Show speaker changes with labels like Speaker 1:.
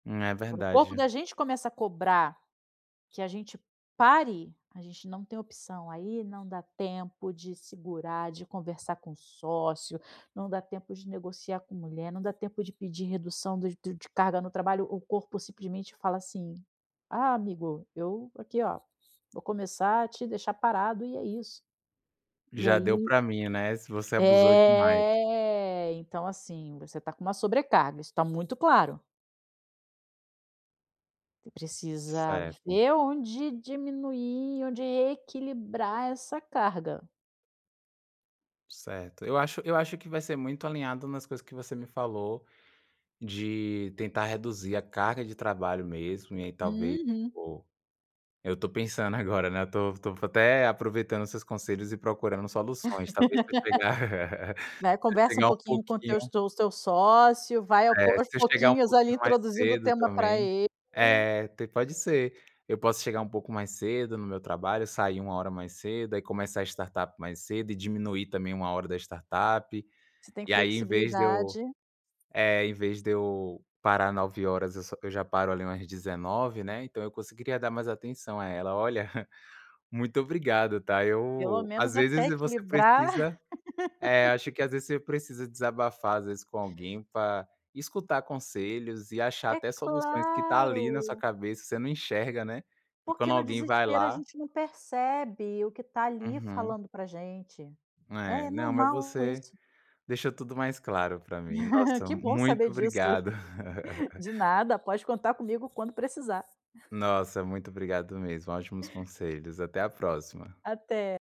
Speaker 1: É
Speaker 2: Quando o corpo
Speaker 1: verdade.
Speaker 2: da gente, começa a cobrar, que a gente pare, a gente não tem opção. Aí não dá tempo de segurar, de conversar com o sócio, não dá tempo de negociar com mulher, não dá tempo de pedir redução, do do de carga no trabalho. O corpo simplesmente fala, assim: "Ah, amigo, eu aqui ó, vou começar a te deixar parado", e é isso. E
Speaker 1: Já deu
Speaker 2: aí,
Speaker 1: para mim, né, se você abusou demais.
Speaker 2: é, então, assim, você tá com uma sobrecarga, isso está muito claro. Você precisa
Speaker 1: Certo.
Speaker 2: ver, onde diminuir, onde equilibrar essa carga.
Speaker 1: Certo. Eu acho eu acho, que vai ser muito alinhado, nas coisas que você me falou, de tentar reduzir a carga de trabalho mesmo, e ai talvez,
Speaker 2: Uhum.
Speaker 1: o eu to pensando agora, estou estou até, aproveitando os seus conselhos e procurando soluções. Talvez, se eu chegar
Speaker 2: Vai
Speaker 1: se eu
Speaker 2: conversa um
Speaker 1: chegar um
Speaker 2: pouquinho, com o teus
Speaker 1: pouquinho.
Speaker 2: teu seu sócio, vai ao
Speaker 1: É
Speaker 2: po aos
Speaker 1: se eu chegar um
Speaker 2: pouquinhos ali,
Speaker 1: pouquinho mais
Speaker 2: introduzindo o
Speaker 1: cedo,
Speaker 2: tema pra
Speaker 1: também,
Speaker 2: ele.
Speaker 1: é te pode ser. Eu posso chegar, um pouco mais cedo no meu trabalho, sair uma hora mais cedo, aí começar a startup mais cedo, e diminuir também, uma hora da startup.
Speaker 2: Se tem
Speaker 1: E aí, em vez de eu,
Speaker 2: flexibilidade.
Speaker 1: eh, em vez de eu parar 21hrs, eu só eu já paro ali umas 19hrs, né, então, eu conseguiria dar mais atenção a ela. Olha, muito obrigado, tá?
Speaker 2: Pelo
Speaker 1: Eu às
Speaker 2: menos até
Speaker 1: vezes você
Speaker 2: equilibrar.
Speaker 1: precisa eh, acho que às vezes você precisa desabafar, às vezes com alguém, pra escutar conselhos e achar
Speaker 2: É
Speaker 1: até soluções, que está ali na sua
Speaker 2: claro.
Speaker 1: cabeça, você não enxerga, né? E
Speaker 2: Porque
Speaker 1: quando
Speaker 2: no
Speaker 1: alguém vai
Speaker 2: desespero, a
Speaker 1: lá
Speaker 2: gente não percebe, o que tá ali,
Speaker 1: Uhum.
Speaker 2: falando pra gente.
Speaker 1: É
Speaker 2: É
Speaker 1: não, mas
Speaker 2: normal
Speaker 1: você
Speaker 2: isso.
Speaker 1: deixou tudo mais claro pra mim. Nossa,
Speaker 2: Que bom saber
Speaker 1: muito
Speaker 2: disso.
Speaker 1: obrigado.
Speaker 2: De nada, pode contar comigo quando precisar.
Speaker 1: Nossa, muito obrigado mesmo, ótimos conselhos. Até a próxima.
Speaker 2: Até.